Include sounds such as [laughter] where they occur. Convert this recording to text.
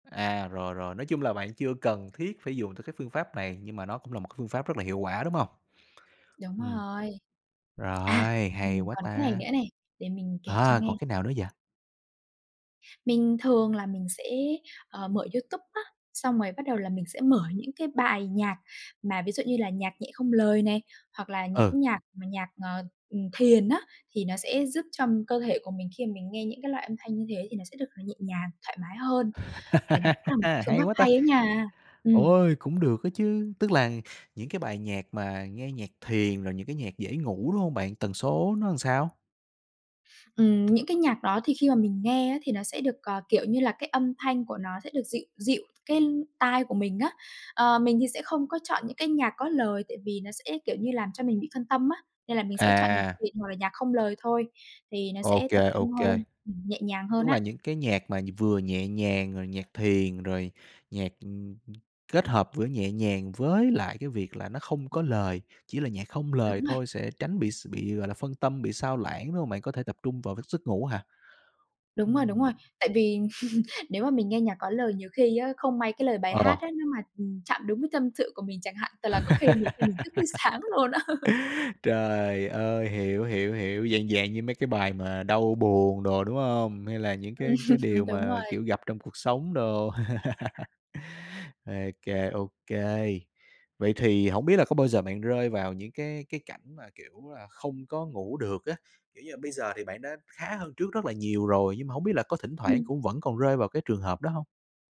À, rồi, rồi, nói chung là bạn chưa cần thiết phải dùng tới cái phương pháp này, nhưng mà nó cũng là một cái phương pháp rất là hiệu quả, đúng hông? Đúng Ừm. rồi. À, Rồi, hay mình quá còn cái này ta. nữa này, để mình kể cho À, nghe. còn cái nào nữa vậy? Mình thường là mình sẽ, ờ, mở YouTube á, xong rồi bắt đầu là mình sẽ mở những cái bài nhạc mà ví dụ như là nhạc nhẹ không lời này, hoặc là Ừ. những nhạc mà nhạc, ờ, ừm, thiền á thì nó sẽ giúp cho cơ thể của mình khi mà mình nghe những cái loại âm thanh như thế thì nó sẽ được nhẹ nhàng, thoải mái hơn. Thì nó cũng là [laughs] một cái phương Hay pháp quá ta! hay ấy nha. Ừm. Ôi, cũng được đó chứ, tức là những cái bài nhạc mà nghe nhạc thiền rồi những cái nhạc dễ ngủ, đúng hông bạn? Tần số nó làm sao? Ừm, những cái nhạc đó thì khi mà mình nghe á thì nó sẽ được, ờ, kiểu như là, cái âm thanh của nó sẽ được dịu dịu cái tai của mình á. Ờ, mình thì sẽ không có chọn những cái nhạc có lời tại vì nó sẽ, kiểu như, làm cho mình bị phân tâm á, nên là mình sẽ chọn nhạc À. thiền hoặc là nhạc không lời thôi, thì nó Ô sẽ tập kê, ô trung kê. hơn, ừm, nhẹ nhàng hơn Tức là á. những cái nhạc mà vừa nhẹ nhàng, rồi nhạc thiền, rồi nhạc, ừm, kết hợp vữa nhẹ nhàng với lại cái việc là nó không có lời, chỉ là nhạc không lời Đúng rồi. thôi sẽ tránh bị x bị, gọi là, phân tâm, bị xao lãng, đúng hông? Bạn có thể tập trung vào cái giấc ngủ hả? Đúng rồi, đúng rồi, Ừm. tại vì [laughs] nếu mà mình nghe nhạc có lời nhiều khi á, không may cái lời bài Ờ. hát á nếu mà, ừm, chạm đúng cái tâm sự của mình chẳng hạn, thật là có khi nhiều khi mình thức đến sáng [laughs] luôn á. [laughs] Trời ơi, hiểu, hiểu, hiểu. Dạng dạng như mấy cái bài mà đau buồn đồ, đúng hông? Hay là những cái cái Ừm. điều Đúng mà, rồi. kiểu, gặp trong cuộc sống đồ. [laughs] Ô kê, ô kê. Vậy thì hổng biết là có bao giờ bạn rơi vào những cái cái cảnh mà, kiểu là, không có ngủ được á. Kiểu như là, bây giờ thì bạn đã khá hơn trước rất là nhiều rồi nhưng mà hông biết là có thỉnh thoảng Ừm. cũng vẫn còn rơi vào cái trường hợp đó hông?